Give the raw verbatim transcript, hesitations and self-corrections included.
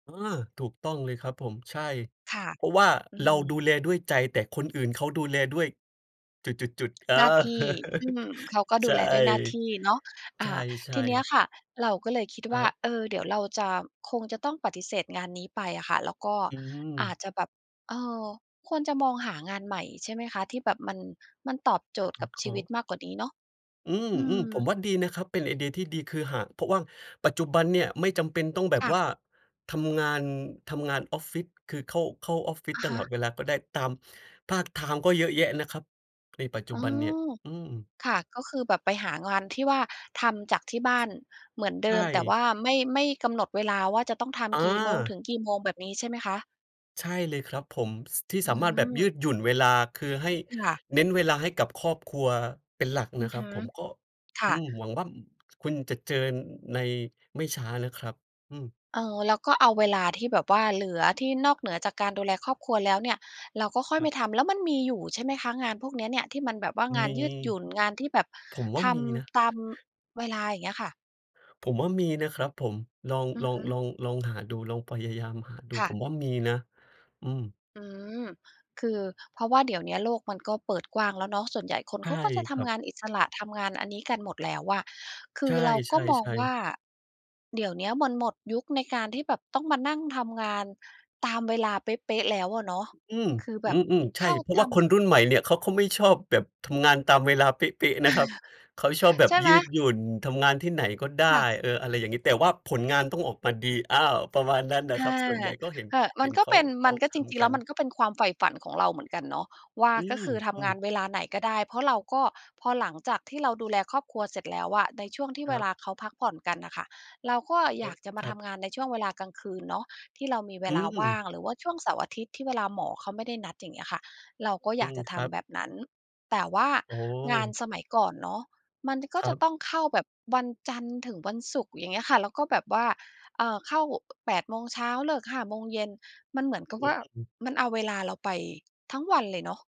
เออ ถูกต้องเลยครับผม ใช่ ค่ะ เพราะว่าอืเราดูม แลด้วยใจ แต่คนอื่นเเขาดูแลด้วยจุด ๆ ๆ เออ หน้าที่ อืม เขาก็ดใูชแลด้วยหน้าที่เนาะ อ่า ท่ ีเนีๆ ้ยๆ ค่ะ เราก็เลยคิดควร่ัา บ เออ เดี๋ยวเราจะ คงจะต้องปฏิเสธงานนี้ไปอะค่ะ แล้วก็อือาจม จะแบบ เออ ควรจะมองหางานใหม่ ใช่ไหมคะ ที่แบบมัน มันตอบโจทย์สกอับดคชลี้วอิง ตมากกว่านี้เนาะ? อืม อืๆ ผม มว่าดีนะครับ เป็นไอเดียที่ดี คือหาก เพราะว่าปัจจุบันเนี่ยไม่จำเป็นต้องแบคบ่ว่ะ าทำงาน ทำงานออฟฟิศ คือเข้า เข้าออฟฟิศอะตฮละ อดเวลาก็ได้ ตาม พาร์ตไทม์ก็เยอะแยะนะครับ ในปัจจอุ๋อ บันเนี่ย อืม ค่ะ ก็คือแบบไปหางานที่ว่าทำจากที่บ้านเหมือนเดใชิม แต่ว่ ่าไม่ ไม่กำหนดเวลาว่าจะต้องทอำกี่โมงถึา งกี่โมง แบบนี้ใช่ไหมคะ? ใช่เลยครับผม ส ที่อืสามารถแบบยืม ดหยุ่นเวลา คือให้ ค่ะ เน้นเวลาให้กับครอบครัวเป็นหลักอนืะอครฮับึ ผม ก็ คอ่ืะ ม หวังว่า อ คุณจะเจอ น ในไม่ช้านะครับ อืม เออ แล้วก็เอาเวลาที่แบบว่าเหลือ ที่นอกเหนือจากการดูแลครอบครัวแล้วเนี่ย เราก็ค่อยคไรม ับ ทำ แล้วมันมีอยู่ใช่ไหมคะ งานพวกเนี้ยเนี่ยที่มันแบบว่างามนี ยืดหยุ่น งานที่แบบผมว่ทามีนะ ำ ตาม เวลาอย่างเงี้ยค่ะ? ผมว่ามีนะครับผม ลอง อืลออฮง ึ ลอง ลองหาดู ลองพยายามหาดู ค่ผะ มว่ามีนะ อืม อืม คือเพราะว่าเดี๋ยวเนี้ยโลกมันก็เปิดกว้างแล้วเนาะ ส่วนใหญ่คนใชเข่าก็จะทครัำบ งานอิสระ ทำงานอันนี้กันหมดแล้วอะ คืใชอเราก็มอง่ ว่า ๆ ๆ เดี๋ยวเนี้ยมันหมดยุคในการที่แบบต้องมานั่งทำงานตามเวลาเป๊ะ ๆ แล้วอะเนาะ อืม คือแบอบืม ๆ ใชเข่ ้าเพราะทว่าคนรุ่นใหมำ ่นี่ ข เขาก็ไม่ชอบแบบ ทำงานตามเวลาเป๊ะ ๆ นะครับ เขาชอบแบใชบ่ไยหืม? ดหยุ่น ทำงานที่ไหนก็ได้ ค่ะ เออ อะไรอย่างนี้ แต่ว่าผลงานต้องออกมาดี อ้าว ประมาณนั้นน่ะอครา ับ ส่วนใหญ่ก็เห็น เออ มเัห็นนก็เขเา ป็น เขมาันก็ทจริง ๆ ำกแลั้วมัน นก็เป็นความใฝ่ฝันของเราเหมือนกันเนาะว่า อืก็คือทำงาม นๆ เวลาไหนก็ได้ เพราะเราก็พอหลังจากที่เราดูแลครอบครัวเสร็จแล้วอะ ในช่วงที่คเวรัลบ าเขาพักผ่อนกันน่ะค่ะ เราก็โออย๊าล-กจะมาถัทบ ำงานในช่วงเวลากลางคืนเนาะ ที่เรามีเวอืลาว่าม งหรือว่าช่วงเสาร์อาทิตย์ ที่เวลาหมอเขาไม่ได้นัดอย่างเงี้ยค่ะ เราก็ออยืากม จะคทรับ ำแบบนั้น แต่ว่าโอ้โงานฮ สมัยก่อนเนาะ มัน จ ก็ครจัะบ ต้องเข้าแบบวันจันทร์ถึงวันศุกร์อย่างงี้ค่ะ แล้วก็แบบว่า เอ่อ เข้า อ แปด โมงเช้าเลิก ห้า โมงเย็น มันเหมือนกับอวื่า ม มันเอาเวลาเราไปทั้งวันเลยเนาะ